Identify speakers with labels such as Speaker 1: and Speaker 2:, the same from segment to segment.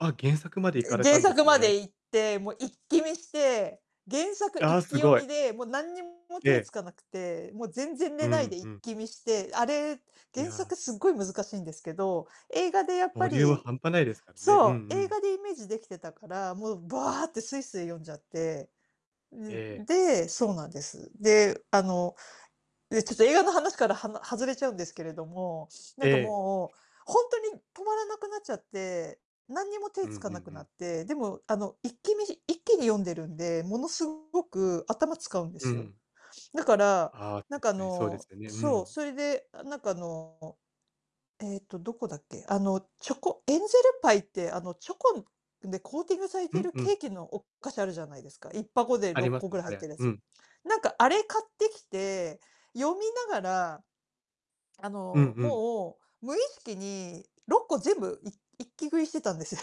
Speaker 1: あ、原作まで行
Speaker 2: え、
Speaker 1: かれた
Speaker 2: 原
Speaker 1: んです
Speaker 2: 作ま
Speaker 1: ね。
Speaker 2: で行って、もう一気見して、原作
Speaker 1: ああ、
Speaker 2: 一
Speaker 1: す
Speaker 2: 気読
Speaker 1: ごい。
Speaker 2: みで、もう何にも
Speaker 1: え
Speaker 2: 手
Speaker 1: え。
Speaker 2: つかなくて、もう全然
Speaker 1: う
Speaker 2: 寝ない
Speaker 1: ん
Speaker 2: で
Speaker 1: う
Speaker 2: 一
Speaker 1: ん。
Speaker 2: 気見して、あれ、
Speaker 1: い
Speaker 2: 原
Speaker 1: や。
Speaker 2: 作すっごい難しいんですけど、映画でやっ
Speaker 1: ボ
Speaker 2: ぱ
Speaker 1: リューム
Speaker 2: り、
Speaker 1: 半端ないですからね。う
Speaker 2: そ
Speaker 1: んう
Speaker 2: う、映
Speaker 1: ん。
Speaker 2: 画でイメージできてたから、もうばーってスイスイ読んじゃって、う
Speaker 1: え
Speaker 2: ん、ん
Speaker 1: え。
Speaker 2: で、そうなんです。で、あの、で、ちょっと映画の話からはな外れちゃうんですけれども、な
Speaker 1: え
Speaker 2: んか
Speaker 1: え。
Speaker 2: もうほんとに止まらなくなっちゃって、何にも
Speaker 1: う
Speaker 2: 手
Speaker 1: んうん
Speaker 2: つかなく
Speaker 1: う
Speaker 2: な
Speaker 1: ん。
Speaker 2: って、でもあの、一気見一気に読んでるんで、ものすごく頭使うんで
Speaker 1: う
Speaker 2: すよ。
Speaker 1: ん。
Speaker 2: だから、
Speaker 1: あ、
Speaker 2: なんかあ
Speaker 1: 確かにそうです
Speaker 2: の
Speaker 1: よね。う
Speaker 2: そう、
Speaker 1: ん。
Speaker 2: それでなんかあの、えっと、どこだっけ、あの、チョコエンゼルパイってあのチョコでコーティングされ
Speaker 1: う
Speaker 2: て
Speaker 1: ん
Speaker 2: る
Speaker 1: う
Speaker 2: ケ
Speaker 1: ん。
Speaker 2: ーキのお菓子あるじゃないですか。1箱で
Speaker 1: あ
Speaker 2: ろ
Speaker 1: り
Speaker 2: っ
Speaker 1: ます
Speaker 2: こぐ
Speaker 1: ね、
Speaker 2: らい
Speaker 1: あ
Speaker 2: 入っ
Speaker 1: れ。
Speaker 2: てるや
Speaker 1: う
Speaker 2: つ。
Speaker 1: ん。
Speaker 2: なんかあれ買ってきて、読みながらあ
Speaker 1: うん
Speaker 2: の、
Speaker 1: うん。
Speaker 2: もう無意識に6個全部いっ一気食いしてたんですよ。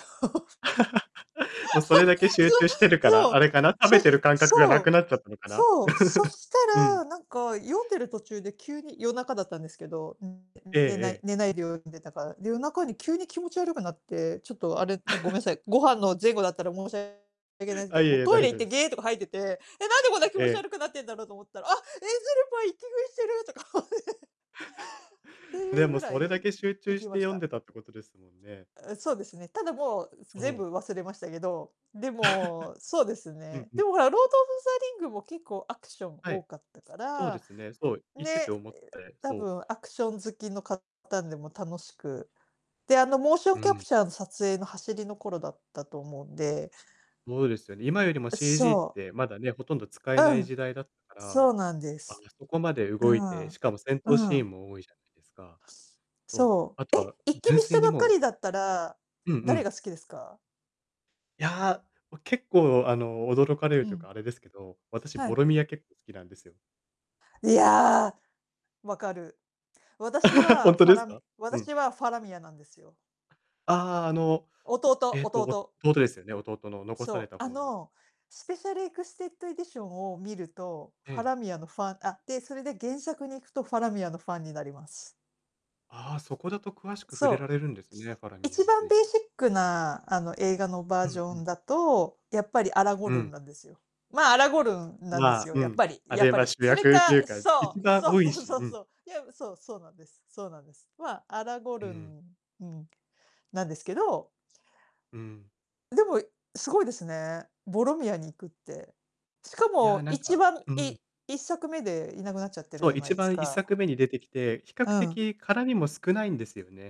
Speaker 1: もうそれだけ 集中してるか
Speaker 2: そ
Speaker 1: ら、あ
Speaker 2: う、
Speaker 1: れかな、食べ
Speaker 2: そう。
Speaker 1: て
Speaker 2: そ
Speaker 1: る感覚がな
Speaker 2: そ
Speaker 1: く
Speaker 2: う。
Speaker 1: なっちゃったのかな？
Speaker 2: そう、そした
Speaker 1: うん。
Speaker 2: ら、なんか読んでる途中で急に夜中だったんですけど、
Speaker 1: ええ
Speaker 2: 寝ない
Speaker 1: ええ。
Speaker 2: 寝ないで読んでたから、で、夜中に急に気持ち悪くなって、ちょっとあれ、ごめ んなさい、ご飯の前後だったら申し訳ないんですけ
Speaker 1: あ、い
Speaker 2: ど、
Speaker 1: え
Speaker 2: もう
Speaker 1: いえ、
Speaker 2: トイ
Speaker 1: 大
Speaker 2: レ行っ
Speaker 1: 丈夫で
Speaker 2: て
Speaker 1: す。
Speaker 2: ゲーとか吐いてて、えっ、なんでこんな気
Speaker 1: え
Speaker 2: 持ち
Speaker 1: え。
Speaker 2: 悪くなってんだろうと思ったら、あっ、エンゼルパイ一気食いしてるとか思って。って い
Speaker 1: で
Speaker 2: うぐ
Speaker 1: も
Speaker 2: ら
Speaker 1: それだ
Speaker 2: い、
Speaker 1: け集
Speaker 2: 行
Speaker 1: 中し
Speaker 2: き
Speaker 1: て
Speaker 2: まし
Speaker 1: 読ん
Speaker 2: た。
Speaker 1: でたってことですもんね。
Speaker 2: あ、そうですね、ただもう
Speaker 1: そ
Speaker 2: 全
Speaker 1: う。
Speaker 2: 部忘れましたけど、でも、そうです
Speaker 1: うん
Speaker 2: ね。
Speaker 1: う
Speaker 2: で
Speaker 1: ん。
Speaker 2: もほら、ロード・オブ・ザ・リングも結構アクション
Speaker 1: はい、
Speaker 2: 多かったか
Speaker 1: そうで
Speaker 2: ら、
Speaker 1: すね、そう、言って
Speaker 2: ね、
Speaker 1: て思って
Speaker 2: た
Speaker 1: そう。
Speaker 2: ぶんアクション好きのかたんでも楽しく、で、あの、モーショ
Speaker 1: う
Speaker 2: ンキャ
Speaker 1: ん。
Speaker 2: プチャーの撮影の走りの頃だったと思うんで。
Speaker 1: そうですよね。今よりも
Speaker 2: う、
Speaker 1: CG っ
Speaker 2: そう。
Speaker 1: て、まだね、ほとんど使えな
Speaker 2: う
Speaker 1: い
Speaker 2: ん、
Speaker 1: 時代だったか
Speaker 2: そ
Speaker 1: ら、
Speaker 2: うなんで
Speaker 1: あ
Speaker 2: す。
Speaker 1: そこまで
Speaker 2: う
Speaker 1: 動い
Speaker 2: ん。
Speaker 1: て、しかも戦闘
Speaker 2: う
Speaker 1: シー
Speaker 2: ん。
Speaker 1: ンも多いじゃないですか。そう、
Speaker 2: そ
Speaker 1: あと
Speaker 2: う、え、
Speaker 1: は、
Speaker 2: 一気
Speaker 1: 純
Speaker 2: 見し
Speaker 1: 粋
Speaker 2: た
Speaker 1: に
Speaker 2: ばっか
Speaker 1: もう
Speaker 2: りだったら、
Speaker 1: うんう
Speaker 2: 誰
Speaker 1: ん。
Speaker 2: が好きですか？
Speaker 1: いや、結構あの驚かれる
Speaker 2: う
Speaker 1: というか
Speaker 2: ん。
Speaker 1: あれですけど、私
Speaker 2: は
Speaker 1: ボ
Speaker 2: い。
Speaker 1: ロミア結構好きなんですよ。
Speaker 2: いや！分かる。私
Speaker 1: ほ
Speaker 2: は
Speaker 1: んと
Speaker 2: ファ
Speaker 1: です
Speaker 2: ラム
Speaker 1: か？うん。
Speaker 2: 私はファラミアなんですよ。
Speaker 1: あ、あの
Speaker 2: 弟。
Speaker 1: えっと
Speaker 2: 弟。
Speaker 1: 弟ですよね、弟の残され
Speaker 2: そう、
Speaker 1: た
Speaker 2: あ
Speaker 1: 方の。
Speaker 2: のスペシャルエクステッドエディションを見ると、
Speaker 1: え
Speaker 2: ファ
Speaker 1: え。
Speaker 2: ラミアのファンあ、で、それで原作に行くとファラミアのファンになります。
Speaker 1: あ、そこだと詳しく触
Speaker 2: そ
Speaker 1: れら
Speaker 2: う。
Speaker 1: れるんですね、ファラミア
Speaker 2: 一
Speaker 1: につ
Speaker 2: 番
Speaker 1: い
Speaker 2: ベー
Speaker 1: て。
Speaker 2: シックなあの映画のバ
Speaker 1: う
Speaker 2: ージ
Speaker 1: ん
Speaker 2: ョ
Speaker 1: う
Speaker 2: ン
Speaker 1: ん。
Speaker 2: だと、やっぱりアラゴ
Speaker 1: う
Speaker 2: ルン
Speaker 1: ん。
Speaker 2: なんですよ。ま、アラゴルンなんで
Speaker 1: ま、
Speaker 2: すよ、
Speaker 1: う
Speaker 2: やっ
Speaker 1: ん、
Speaker 2: ぱり
Speaker 1: あ
Speaker 2: やっ
Speaker 1: れ
Speaker 2: ぱ
Speaker 1: は
Speaker 2: り。
Speaker 1: 主
Speaker 2: それ
Speaker 1: 役という
Speaker 2: か
Speaker 1: か一
Speaker 2: そう、
Speaker 1: 番
Speaker 2: そう
Speaker 1: 多い
Speaker 2: そう
Speaker 1: し。
Speaker 2: そ
Speaker 1: う
Speaker 2: う
Speaker 1: ん。
Speaker 2: そう、いや、そう、そうなんです。そうなんです。ま、アラゴ
Speaker 1: う
Speaker 2: ル
Speaker 1: ん。
Speaker 2: ンうん、なんですけど
Speaker 1: うん。
Speaker 2: でも、すごいですね、ボロミアに行くって。しか
Speaker 1: いや、
Speaker 2: も
Speaker 1: なん
Speaker 2: 一
Speaker 1: か
Speaker 2: 番
Speaker 1: う
Speaker 2: い
Speaker 1: ん。
Speaker 2: 1作目でいなくなっちゃってる
Speaker 1: そ
Speaker 2: じゃ
Speaker 1: う、
Speaker 2: な
Speaker 1: 一
Speaker 2: いです
Speaker 1: 番、いっさ
Speaker 2: か。
Speaker 1: くめに出てきて、比較
Speaker 2: うん。
Speaker 1: 的絡みも少ないんですよね。